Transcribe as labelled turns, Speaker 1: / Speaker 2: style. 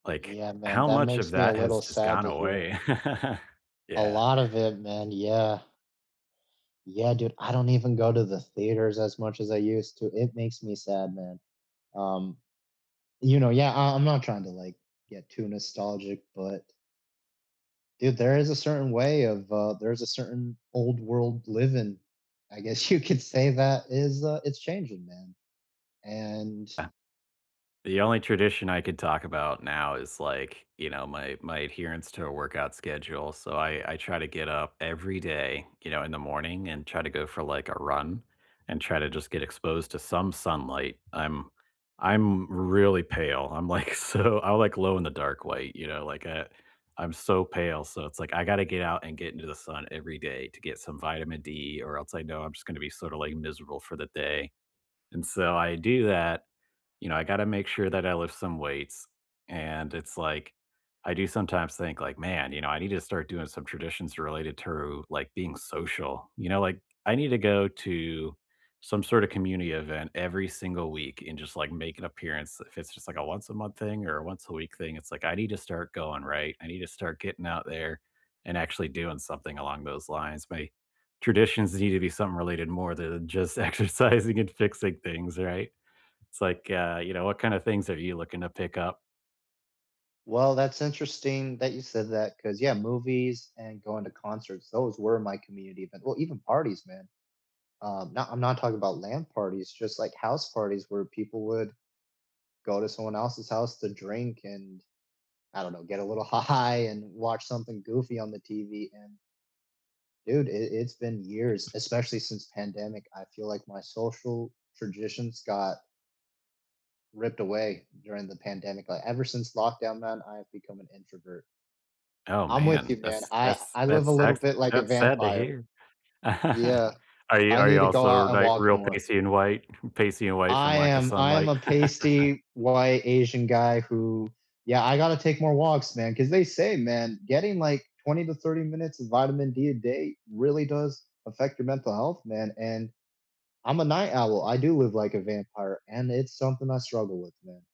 Speaker 1: Like,
Speaker 2: Yeah, man.
Speaker 1: how
Speaker 2: That
Speaker 1: much of
Speaker 2: makes me a
Speaker 1: that has
Speaker 2: little
Speaker 1: just
Speaker 2: sad
Speaker 1: gone
Speaker 2: to hear.
Speaker 1: away?
Speaker 2: A
Speaker 1: Yeah.
Speaker 2: lot of it, man, yeah. Yeah, dude. I don't even go to the theaters as much as I used to, it makes me sad, man. Um, you know, yeah, I I'm not trying to, like, get too nostalgic, but dude, there is a certain way of, uh There's a certain old-world living, I guess you could say, that is, uh it's changing, man, and
Speaker 1: Uh, the only tradition I could talk about now is, like, you know, my my adherence to a workout schedule, so I I try to get up every day, you know, in the morning and try to go for, like, a run, and try to just get exposed to some sunlight, I'm I'm really pale, I'm, like, so I'm like, glow-in-the-dark white, you know? Like, uh, I'm so pale, so it's like, I gotta get out and get into the sun every day to get some vitamin D, or else, I know, I'm just gonna be sorta, like, miserable for the day, and so, I do that. You know, I gotta make sure that I lift some weights, and, it's like I do sometimes think, like, "Man," you know, "I need to start doing some traditions related to, like, being social," you know, like, I need to go to some sort of community event every single week, and just, like, make an appearance, if it's just, like, a once a month thing, or a once a week thing, it's, like, I need to start going, right? I need to start getting out there, and actually doing something along those lines. My traditions need to be something related more to than just exercising and fixing things, right?" It's like, uh, you know, what kind of things are you looking to pick up?
Speaker 2: Well, that's interesting that you said that, 'cause, yeah, movies and going to concerts, those were my community, but well, even parties, man. Um, nah, I'm not talking about land parties, just, like, house parties, where people would go to someone else's house to drink, and, I don't know, get a little high, and watch something goofy on the TV, and dude, i it's been years, especially since the pandemic, I feel like my social traditions got ripped away during the pandemic, I Ever since lockdown, man, I have become an introvert.
Speaker 1: Oh,
Speaker 2: I'm with you,
Speaker 1: man.
Speaker 2: man,
Speaker 1: That's
Speaker 2: I
Speaker 1: that's
Speaker 2: I
Speaker 1: that
Speaker 2: live a little
Speaker 1: sucks
Speaker 2: bit like a
Speaker 1: that's sad to
Speaker 2: vampire.
Speaker 1: hear.
Speaker 2: Yeah.
Speaker 1: Are you
Speaker 2: I
Speaker 1: are you
Speaker 2: need to go
Speaker 1: also,
Speaker 2: out and
Speaker 1: like,
Speaker 2: walk
Speaker 1: real
Speaker 2: more.
Speaker 1: pasty and white pasty and white from
Speaker 2: I
Speaker 1: lack of
Speaker 2: am I am
Speaker 1: sunlight?
Speaker 2: a pasty, white, Asian guy who Yeah, I gotta take more walks, man, 'cause they say, man, getting like, 20 to 30 minutes of vitamin D a day really does affect your mental health, man, and, I'm a night owl, I do live like a vampire, and it's something I struggle with, man.